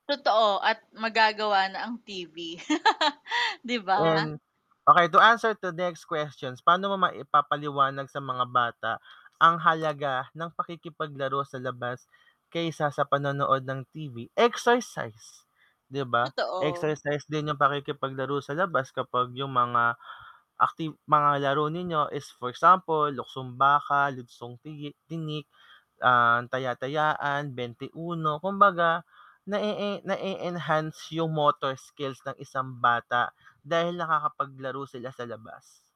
Totoo, at magagawa na ang TV. 'Di ba? And, okey to answer to next questions, paano mo maipapaliwanag sa mga bata ang halaga ng pakikipaglaro sa labas, kaysa sa panonood ng TV? Exercise, 'di ba? Totoo. Exercise din yung pakikipaglaro sa labas kapag yung mga acti mga laro ninyo is for example, luksong baka, luksong tigi tinik, ah, taya-tayaan, bente-uno, kumbaga na-e-e na-e-enhance yung motor skills ng isang bata dahil nakakapaglaro sila sa labas.